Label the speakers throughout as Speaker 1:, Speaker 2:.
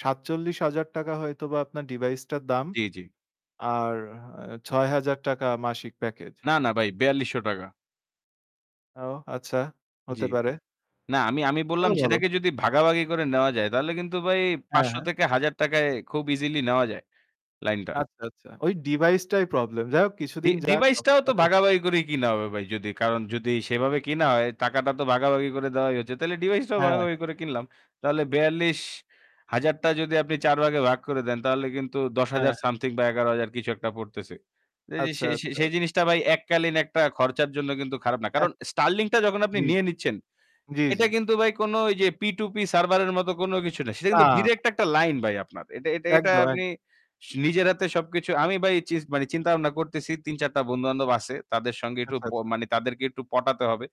Speaker 1: ৳৪৭,০০০ হয়তোবা আপনার ডিভাইসটার দাম।
Speaker 2: জ্বী, জ্বী।
Speaker 1: আর অ্যা ৳৬,০০০ মাসিক প্যাকেজ।
Speaker 2: না, না ভাই, ৳৪,২০০
Speaker 1: ও আচ্ছা,
Speaker 2: জী।
Speaker 1: হতে পারে।
Speaker 2: না, আমি আমি বললাম,
Speaker 1: হ্যাঁ বলো।
Speaker 2: সেটাকে যদি ভাগাভাগি করে নেওয়া যায়, তাহলে কিন্তু ভাই
Speaker 1: হ্যাঁ,
Speaker 2: ৳৫০০
Speaker 1: হ্যাঁ।
Speaker 2: থেকে ৳১,০০০ য় খুব ইজিলি নেওয়া যায়, লাইনটা।
Speaker 1: আচ্ছা, আচ্ছা। ওই ডিভাইসটাই প্রবলেম। যাই হোক,
Speaker 2: ডি
Speaker 1: কিছুদিন যাক, তখন
Speaker 2: ডিভাইসটাও তো
Speaker 1: দেখা যাবে।
Speaker 2: ভাগাভাগি করেই কেনা হবে ভাই। যদি কারণ, যদি সেভাবে কেনা হয়, টাকাটা তো ভাগাভাগি করে দেওয়াই হচ্ছে। তাহলে ডিভাইসটাও
Speaker 1: হ্যাঁ, হ্যাঁ।
Speaker 2: ভাগাভাগি করে কিনলাম। তাহলে বেয়াল্লিশ
Speaker 1: আচ্ছা।
Speaker 2: হাজার টা যদি আপনি ৪ ভাগে ভাগ করে দেন, তাহলে কিন্তু ৳১০,০০০
Speaker 1: হ্যাঁ।
Speaker 2: সামথিং বা ৳১১,০০০, কিছু একটা পড়তেছে। ত
Speaker 1: আচ্ছা,
Speaker 2: সেই সেই
Speaker 1: আচ্ছা।
Speaker 2: সেই জিনিসটা ভাই, এককালীন একটা খরচের জন্য কিন্তু খারাপ না। কারণ
Speaker 1: একদম
Speaker 2: Starlink-টা যখন আপনি
Speaker 1: জী।
Speaker 2: নিয়ে নিচ্ছেন,
Speaker 1: জ্বী,
Speaker 2: এটা
Speaker 1: জ্বী।
Speaker 2: কিন্তু ভাই কোনো ঐ যে p2p সার্ভারের মতো কোনো কিছু না। সেটা
Speaker 1: না,
Speaker 2: কিন্তু
Speaker 1: না।
Speaker 2: ডাইরেক্ট একটা লাইন ভাই, আপনার। এটা এটা
Speaker 1: একদম,
Speaker 2: এটা আপনি
Speaker 1: একদম।
Speaker 2: নিজের হাতে সবকিছু আমি ভাই চিজ চিন্তাভাবনা করতেছি। ৩-৪ টা বন্ধুবান্ধব আছে। তাদের সঙ্গে একটু
Speaker 1: আচ্ছা, আচ্ছা।
Speaker 2: মানে, তাদেরকে একটু পটাতে হবে।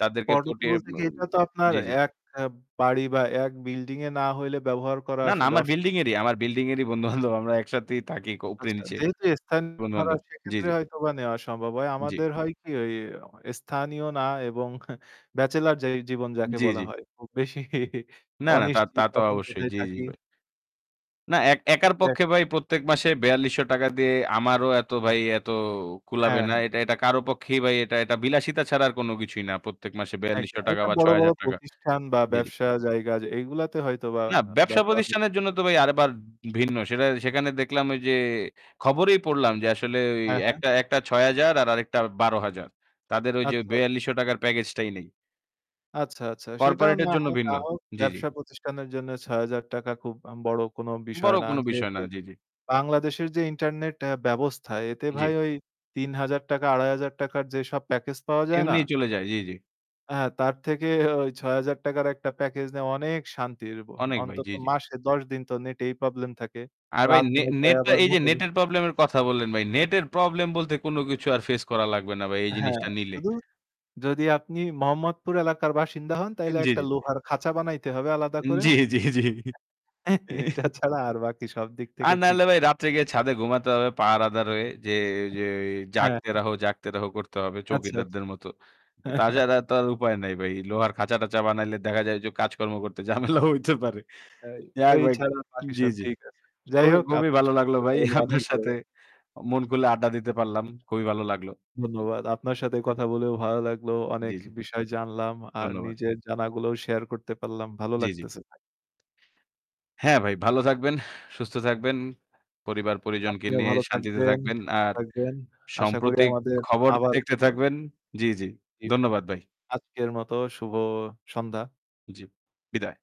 Speaker 2: তাদেরকে
Speaker 1: তবে
Speaker 2: পটিয়ে
Speaker 1: বলতে
Speaker 2: ম
Speaker 1: কী, এটা তো আপনার
Speaker 2: জী, জী।
Speaker 1: এক এ বাড়ি বা এক বিল্ডিংয়ে না হইলে ব্যবহার করা
Speaker 2: না, না।
Speaker 1: আসলে
Speaker 2: আমার
Speaker 1: অসুবিধা।
Speaker 2: বিল্ডিংয়েরই আমার বিল্ডিংয়েরই বন্ধু-বান্ধব। আমরা একসাথেই থাকি, ক
Speaker 1: আচ্ছা,
Speaker 2: উপরে-নিচে।
Speaker 1: যেহেতু স্থানীয়রা,
Speaker 2: বন্ধুবান্ধব। জী,
Speaker 1: সেক্ষেত্রে
Speaker 2: জী।
Speaker 1: হয়তোবা নেওয়া সম্ভব হয়।
Speaker 2: জ্বি।
Speaker 1: আমাদের হয় কী ওই স্থানীয় না এবং ব্যাচেলর যে জীবন, যাকে
Speaker 2: জ্বি,
Speaker 1: বলা
Speaker 2: জ্বি।
Speaker 1: হয়, খুব বেশি
Speaker 2: না না, তা তা
Speaker 1: অনিশ্চিত।
Speaker 2: তো
Speaker 1: কখন
Speaker 2: অবশ্যই।
Speaker 1: কোথায়
Speaker 2: জ্বী, জ্বী
Speaker 1: থাকি।
Speaker 2: ভাই। না, একার
Speaker 1: এক
Speaker 2: পক্ষে ভাই প্রত্যেক মাসে ৳৪,২০০ দিয়ে আমারও এতো ভাই এত কুলাবে
Speaker 1: হ্যাঁ,
Speaker 2: না।
Speaker 1: হ্যাঁ।
Speaker 2: এটা এটা কারও পক্ষেই ভাই এটা এটা বিলাসিতা ছাড়া আর কোনো কিছুই না। প্রত্যেক মাসে বেয়াল্লিশশো
Speaker 1: একদম।
Speaker 2: টাকা
Speaker 1: এটা
Speaker 2: বা ছয়
Speaker 1: বড়-বড়
Speaker 2: হাজার টাকা।
Speaker 1: প্রতিষ্ঠান বা ব্যবসার জায়গা, এগুলোতে হয়তোবা
Speaker 2: না,
Speaker 1: ব্যবহার হতে
Speaker 2: ব্যবসাপ্রতিষ্ঠানের জন্য
Speaker 1: পারে।
Speaker 2: তো ভাই আবার ভিন্ন। সেটা সেখানে দেখলাম ওইযে, খবরেই পড়লাম যে, আসলে ওই
Speaker 1: হ্যাঁ, হ্যাঁ।
Speaker 2: একটা একটা ৳৬,০০০, আর আরেকটা ৳১২,০০০। তাদের ওই
Speaker 1: আচ্ছা,
Speaker 2: যে
Speaker 1: আচ্ছা।
Speaker 2: ৳৪,২০০ র প্যাকেজটাই নেই।
Speaker 1: আচ্ছা, আচ্ছা। সেটাও
Speaker 2: কর্পোরেট এর
Speaker 1: না
Speaker 2: জন্য
Speaker 1: হোক, না
Speaker 2: ভিন্ন।
Speaker 1: হোক,
Speaker 2: জ্বি, জ্বি।
Speaker 1: ব্যবসাপ্রতিষ্ঠানের জন্য ৳৬,০০০ খুব আম বড় কোনো বিষয়
Speaker 2: বড়
Speaker 1: না।
Speaker 2: কোনো বিষয়
Speaker 1: যেহেতু
Speaker 2: না। জি, জি।
Speaker 1: বাংলাদেশের যে ইন্টারনেট অ্যা ব্যবস্থা, এতে ভাই
Speaker 2: জ্বি।
Speaker 1: ওই ৳৩,০০০, ৳২,৫০০ র যেসব প্যাকেজ পাওয়া যায় না?
Speaker 2: এমনিই চলে যায়, জ্বী, জ্বী।
Speaker 1: হ্যাঁ, তার থেকে ওই ৳৬,০০০ টাকার একটা প্যাকেজ নিয়ে অনেক শান্তির বো
Speaker 2: অনেক ভাই,
Speaker 1: অন্তত
Speaker 2: জ্বী, জ্বী।
Speaker 1: মাসে ১০ দিন তো নেটেই প্রবলেম থাকে।
Speaker 2: আর ভাই,
Speaker 1: রাত
Speaker 2: নে
Speaker 1: ৯ঃ০০ টায়
Speaker 2: নেটটা
Speaker 1: আবার
Speaker 2: এই যে নেটের
Speaker 1: [unintelligible]
Speaker 2: প্রবলেমের কথা বললেন ভাই, নেটের প্রবলেম বলতে কোনো কিছু আর ফেস করা লাগবে না ভাই, এই
Speaker 1: হ্যাঁ,
Speaker 2: জিনিসটা নিলে।
Speaker 1: শুধু যদি আপনি মোহাম্মদপুর এলাকার বাসিন্দা হোন তাইলে
Speaker 2: জ্বি,
Speaker 1: একটা
Speaker 2: জ্বি।
Speaker 1: লোহার খাঁচা বানাইতে হবে আলাদা করে।
Speaker 2: জ্বী, জ্বী, জ্বী।
Speaker 1: এটা ছাড়া আর বাকি সব দিক
Speaker 2: আর
Speaker 1: থেকে
Speaker 2: না
Speaker 1: ঠিক
Speaker 2: হলে
Speaker 1: আছে।
Speaker 2: ভাই, রাত্রে গিয়ে ছাদে ঘুমাতে হবে, পাহারাদার হয়ে গিয়ে যে
Speaker 1: হ্যাঁ,
Speaker 2: 'জাগতে
Speaker 1: হ্যাঁ।
Speaker 2: রহো, জাগতে রহো' করতে হবে
Speaker 1: আচ্ছা, আচ্ছা।
Speaker 2: চৌকিদারদের মতো। অ্যা তা ছাড়া তো আর উপায় নাই ভাই। লোহার খাঁচা-টাচা বানাইলে দেখা যায় যে কাজকর্ম করতে ঝামেলাও হইতে পারে।
Speaker 1: এই
Speaker 2: যাক
Speaker 1: ওই
Speaker 2: ভাই।
Speaker 1: ছাড়া বাকি
Speaker 2: জী,
Speaker 1: সব
Speaker 2: জী।
Speaker 1: ঠিক আছে। যাই
Speaker 2: খুবই
Speaker 1: হোক,
Speaker 2: খুবই
Speaker 1: আপনার
Speaker 2: ভালো
Speaker 1: সাথে
Speaker 2: লাগল
Speaker 1: কথা
Speaker 2: ভাই।
Speaker 1: বলে অনেক
Speaker 2: আপনার
Speaker 1: ভালো
Speaker 2: সাথে
Speaker 1: লাগল।
Speaker 2: মন খুলে আড্ডা দিতে পারলাম। খুবই ভালো লাগল। উ
Speaker 1: ধন্যবাদ।
Speaker 2: হুম।
Speaker 1: আপনার সাথে কথা বলেও ভালো লাগল।
Speaker 2: জ্বী,
Speaker 1: অনেক
Speaker 2: জ্বী।
Speaker 1: বিষয় জানলাম, আর
Speaker 2: ধন্যবাদ।
Speaker 1: নিজের জানাগুলোও শেয়ার করতে পারলাম। ভালো
Speaker 2: জ্বী, জ্বী।
Speaker 1: লাগতেছে ভাই।
Speaker 2: হ্যাঁ ভাই। ভালো থাকবেন, সুস্থ থাকবেন। পরিবার-পরিজনকে
Speaker 1: আপনিও
Speaker 2: নিয়ে
Speaker 1: ভালো
Speaker 2: শান্তিতে
Speaker 1: থাকবেন,
Speaker 2: থাকবেন।
Speaker 1: সুস্থ
Speaker 2: আর
Speaker 1: থাকবেন। আশা করি
Speaker 2: সম্প্রতিক
Speaker 1: আমাদের
Speaker 2: খবর
Speaker 1: আবার
Speaker 2: দেখতে
Speaker 1: কথা হবে।
Speaker 2: থাকবেন। জী, জী।
Speaker 1: জি ভাই।
Speaker 2: ধন্যবাদ ভাই।
Speaker 1: আজকের মত শুভ সন্ধ্যা।
Speaker 2: জ্বী, বিদায়।